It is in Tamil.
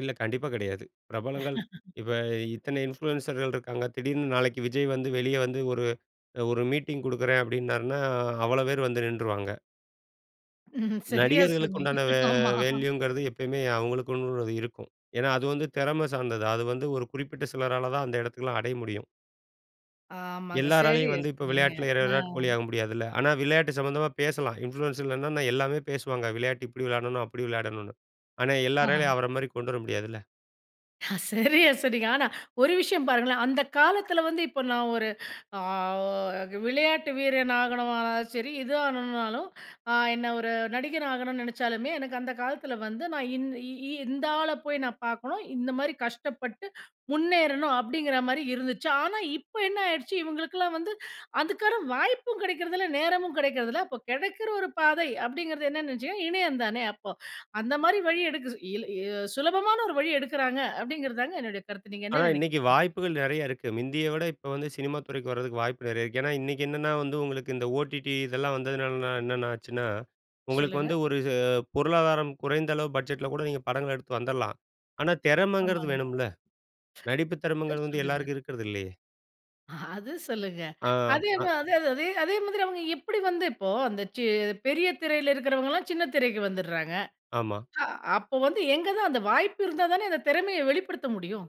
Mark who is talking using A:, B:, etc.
A: இல்ல கண்டிப்பா கிடையாது. பிரபலங்கள் இப்ப இத்தனை இன்ஃப்ளூயன்சர்கள் இருக்காங்க. திடீர்னு நாளைக்கு விஜய் வந்து வெளிய வந்து ஒரு அ ஒரு மீட்டிங் குடுக்குறேன் அப்படின்னாருன்னா, அவ்ளோ பேரும் வந்து நின்ட்ருவாங்க.
B: ம்ஹ்ம் சரியா
A: நடிகர்களுக்கு
B: சொன்னீங்க.
A: உண்டான
B: ஆமா.
A: வேல்யூங்கிறது எப்பயுமே அவுங்களுக்குன்னுள்ளது இருக்கும். ஏன்னா, அது வந்து திறமை சார்ந்தது. அது வந்து ஒரு குறிப்பிட்ட சிலரால தான் அந்த இடத்துக்குலாம் அடைய முடியும்.
B: ஆமாங்க
A: எல்லாராலயும்
B: சரியா
A: வந்து இப்போ
B: சொன்னீங்க.
A: விளையாட்டில
B: அ.
A: விராட் கோலியாக முடியாதுல்ல! ஆனா விளையாட்டு சம்மந்தமா பேசலாம். இன்ஃப்ளூயன்ஸ்ல என்னான்னா, எல்லாமே பேசுவாங்க. விளையாட்டு இப்படி விளையாடணும் அப்படி விளையாடணுனு. ஆனா,
B: ஆஹ.
A: எல்லராலயும் அவரை மாரி கொண்டு வர முடியாதுல்ல!
B: ஹ சரியா சொன்னீங்க. ஆனா, ஒரு விஷயம் பாருங்களேன், அந்த காலத்தில வந்து இப்ப நான் ஒரு அ க விளையாட்டு வீரன் ஆகணுமானாலும் சரி, இது ஆகணுனாலும், அ என்ன ஒரு நடிகனா ஆகணும்னு நினைச்சாலுமே, எனக்கு அந்த காலத்தில வந்து, நான் இந் இ இந்த ஆள போய் நான் பாக்கணும், இந்த மாரி கஷ்டப்பட்டு, முன்னேறனும் அப்படிங்குற மாரி இருந்துச்சு. ஆனா, இப்ப என்ன ஆயிடுச்சு, இவுங்களுக்கெல்லாம் எல்லாம் வந்து, அதுக்கான வாய்ப்பும் கிடைக்கிறது இல்ல, நேரமும் கிடைக்கிறதில்ல. அப்போ கிடைக்கிற ஒரு பாதை அப்டிங்குறது என்னான்னு நெனைசீங்கன்னா, இணையம் தானே! அப்போ அந்த மாரி வழி எடுக்குது இல எ சுலபமான ஒரு வழி எடுக்கிறாங்க, அப்டிங்குறது தாங்க என்னுடைய கருத்து. நீங்க என்ன
A: ஆனா இன்னைக்கு
B: நெனைக்கிறீங்க?
A: வாய்ப்புகள் நெறையா இருக்கு. முந்திய விட, இப்போ வந்து சினிமா துறைக்கு வரதுக்கு வாய்ப்பு நெறைய இருக்கு. ஏன்னா இன்னைக்கு என்னன்னா வந்து, உங்களுக்கு இந்த OTT இதெல்லாம் வந்ததுனால, என்னென்ன ஆச்சுன்னா, உங்களுக்கு
B: சொல்லுங்க.
A: வந்து ஒரு ச பொருளாதாரம் குறைந்த அளவு பட்ஜெட்ல கூட நீங்க படங்கள எடுத்து வந்துரலாம். ஆனா, தெறமைங்கிறது
B: ஆமாங்க.
A: வேணும்ல! நடிப்பு
B: [unintelligible]
A: திறமைங்கிறது வந்து
B: சொல்லுங்க.
A: எல்லாருக்கும் இருக்கிறது இல்லையே!
B: அது சொல்லுங்க.
A: ஆ.
B: அதே
A: அ.
B: தான். அதே அதே அதே மாதிரி அவுங்க எப்படி வந்து இப்போ அந்த சி பெரிய திரையில இருக்கிறவங்கலாம் சின்ன திரைக்கு வந்துர்றாங்க.
A: ஆமா.
B: அ அப்போ வந்து எங்க தான்? அந்த வாய்ப்பு இருந்தா தானே அந்த திறமைய வெளிப்படுத்த முடியும்!